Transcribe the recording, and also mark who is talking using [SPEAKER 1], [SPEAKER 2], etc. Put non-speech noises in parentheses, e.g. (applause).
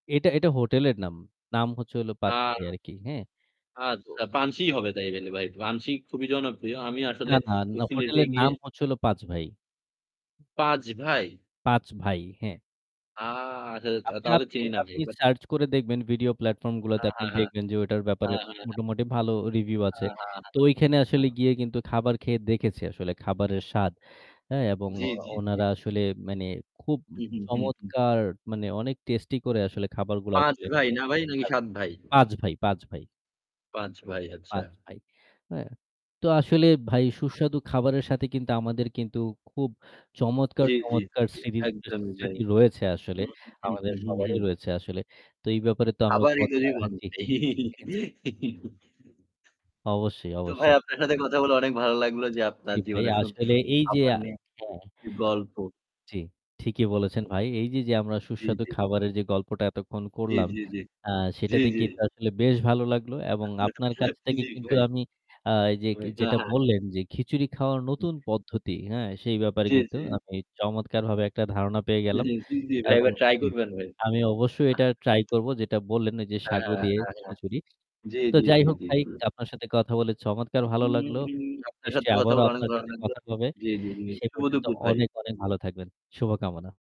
[SPEAKER 1] এটা এটা হোটেলের নাম। নাম হচ্ছে হলো ৫
[SPEAKER 2] আ
[SPEAKER 1] ভাই আর কি, হ্যাঁ। তো
[SPEAKER 2] আচ্ছা, পানসী হবে তাই হলে ভাই। পানসী খুবই জনপ্রিয়। আমি আসলে
[SPEAKER 1] না, না,
[SPEAKER 2] ওই
[SPEAKER 1] না
[SPEAKER 2] সিলেটে
[SPEAKER 1] হোটেলের
[SPEAKER 2] গিয়ে
[SPEAKER 1] নাম হচ্ছে হলো ৫ ভাই।
[SPEAKER 2] ৫ ভাই?
[SPEAKER 1] ৫ ভাই, হ্যাঁ।
[SPEAKER 2] আ আচ্ছা তা
[SPEAKER 1] আপনি
[SPEAKER 2] তাহলে
[SPEAKER 1] আপনি
[SPEAKER 2] চিনি না ভাই
[SPEAKER 1] আপনি
[SPEAKER 2] বাট
[SPEAKER 1] search করে দেখবেন video platform গুলোতে।
[SPEAKER 2] হ্যাঁ, হ্যাঁ,
[SPEAKER 1] আপনি
[SPEAKER 2] হ্যাঁ
[SPEAKER 1] দেখবেন যে ওটার ব্যাপারে
[SPEAKER 2] হ্যাঁ, হ্যাঁ, হ্যাঁ।
[SPEAKER 1] মোটামুটি ভালো review আছে।
[SPEAKER 2] হ্যাঁ, হ্যাঁ,
[SPEAKER 1] তো ওইখানে
[SPEAKER 2] হ্যাঁ,
[SPEAKER 1] আসলে
[SPEAKER 2] হ্যাঁ।
[SPEAKER 1] গিয়ে কিন্তু খাবার খেয়ে দেখেছি আসলে খাবারের স্বাদ, এ এবং
[SPEAKER 2] জি,
[SPEAKER 1] ও
[SPEAKER 2] জি, জি।
[SPEAKER 1] ওনারা আসলে মানে খুব উম
[SPEAKER 2] উ হু, হু, হু।
[SPEAKER 1] চমৎকার মানে অনেক tasty করে আসলে খাবারগুলো
[SPEAKER 2] ৫
[SPEAKER 1] আসলে
[SPEAKER 2] ভাই না ভাই নাকি
[SPEAKER 1] (unintelligible)
[SPEAKER 2] ৭ ভাই?
[SPEAKER 1] ৫ ভাই, ৫ ভাই,
[SPEAKER 2] ৫ ভাই, আচ্ছা।
[SPEAKER 1] ৫ ভাই, হ্যাঁ। তো আসলে ভাই সুস্বাদু খাবারের সাথে কিন্তু আমাদের কিন্তু খুব চমৎকার,
[SPEAKER 2] জি, জি, জি,
[SPEAKER 1] চমৎকার,
[SPEAKER 2] জি।
[SPEAKER 1] স্মৃতি
[SPEAKER 2] একদমই ভাই।
[SPEAKER 1] স্মৃতি রয়েছে
[SPEAKER 2] হু,
[SPEAKER 1] আসলে।
[SPEAKER 2] হু,
[SPEAKER 1] আমাদের
[SPEAKER 2] হু, হু, হু।
[SPEAKER 1] সবারই রয়েছে আসলে। তো এই ব্যাপারে তো আমরা
[SPEAKER 2] আবার
[SPEAKER 1] কথা
[SPEAKER 2] ইদুরি
[SPEAKER 1] হ্যাঁ
[SPEAKER 2] বানাবো।
[SPEAKER 1] জি এ জি।
[SPEAKER 2] (giggles)
[SPEAKER 1] অবশ্যই,
[SPEAKER 2] তো ভাই
[SPEAKER 1] অবশ্যই।
[SPEAKER 2] আপনার সাথে কথা
[SPEAKER 1] জি।
[SPEAKER 2] বলে অনেক ভালো লাগলো যে
[SPEAKER 1] জি
[SPEAKER 2] আপনার
[SPEAKER 1] ভাই
[SPEAKER 2] জীবনের সুন্দর,
[SPEAKER 1] আসলে
[SPEAKER 2] সুন্দর
[SPEAKER 1] এই যে,
[SPEAKER 2] খাবার
[SPEAKER 1] আ
[SPEAKER 2] নিয়ে
[SPEAKER 1] হ্যাঁ
[SPEAKER 2] (unintelligible) গল্প।
[SPEAKER 1] জি ঠিকই বলেছেন ভাই। এই যে, যে, আমরা
[SPEAKER 2] জি,
[SPEAKER 1] সুস্বাদু
[SPEAKER 2] জি।
[SPEAKER 1] খাবারের যে গল্পটা এতক্ষণ
[SPEAKER 2] জি,
[SPEAKER 1] করলাম,
[SPEAKER 2] জি, জি।
[SPEAKER 1] আ
[SPEAKER 2] জি,
[SPEAKER 1] সেটাতে
[SPEAKER 2] জি।
[SPEAKER 1] কিন্তু আসলে বেশ ভালো লাগলো এবং আপনার কাছ
[SPEAKER 2] (chuckles)
[SPEAKER 1] থেকে
[SPEAKER 2] জি
[SPEAKER 1] কিন্তু
[SPEAKER 2] ভাই।
[SPEAKER 1] আমি আ এই যে কে যেটা
[SPEAKER 2] (unintelligible)
[SPEAKER 1] বললেন যে খিচুড়ি খাওয়ার নতুন পদ্ধতি, হ্যাঁ সেই ব্যাপারে
[SPEAKER 2] জি,
[SPEAKER 1] কিন্তু
[SPEAKER 2] জি।
[SPEAKER 1] আমি চমৎকারভাবে একটা ধারণা পেয়ে
[SPEAKER 2] (unintelligible)
[SPEAKER 1] গেলাম।
[SPEAKER 2] জি, জি ভাই,
[SPEAKER 1] এবং
[SPEAKER 2] এবার try
[SPEAKER 1] উ
[SPEAKER 2] করবেন ভাই।
[SPEAKER 1] আমি অবশ্যই
[SPEAKER 2] আহ
[SPEAKER 1] এটা try করব যেটা বললেন ওই যে
[SPEAKER 2] হ্যাঁ,
[SPEAKER 1] সাগু
[SPEAKER 2] হ্যাঁ,
[SPEAKER 1] দিয়ে
[SPEAKER 2] হ্যাঁ, হ্যাঁ।
[SPEAKER 1] খিচুড়ি।
[SPEAKER 2] জি,
[SPEAKER 1] তো
[SPEAKER 2] জি,
[SPEAKER 1] যাই
[SPEAKER 2] জি,
[SPEAKER 1] হোক
[SPEAKER 2] জি।
[SPEAKER 1] ভাই
[SPEAKER 2] হুম।
[SPEAKER 1] আপনার সাথে কথা বলে চমৎকার ভালো
[SPEAKER 2] উম
[SPEAKER 1] লাগলো।
[SPEAKER 2] উম আপনার সাথে
[SPEAKER 1] নিশ্চয়ই
[SPEAKER 2] কথা
[SPEAKER 1] আবারও
[SPEAKER 2] বলে অনেক
[SPEAKER 1] আপনার
[SPEAKER 2] ভালো
[SPEAKER 1] সাথে
[SPEAKER 2] লাগলো
[SPEAKER 1] কথা হবে।
[SPEAKER 2] জি, জি, জি।
[SPEAKER 1] সে
[SPEAKER 2] শুভ
[SPEAKER 1] পর্যন্ত
[SPEAKER 2] দুপুর ভাই।
[SPEAKER 1] অনেক, অনেক, ভালো থাকবেন। শুভকামনা।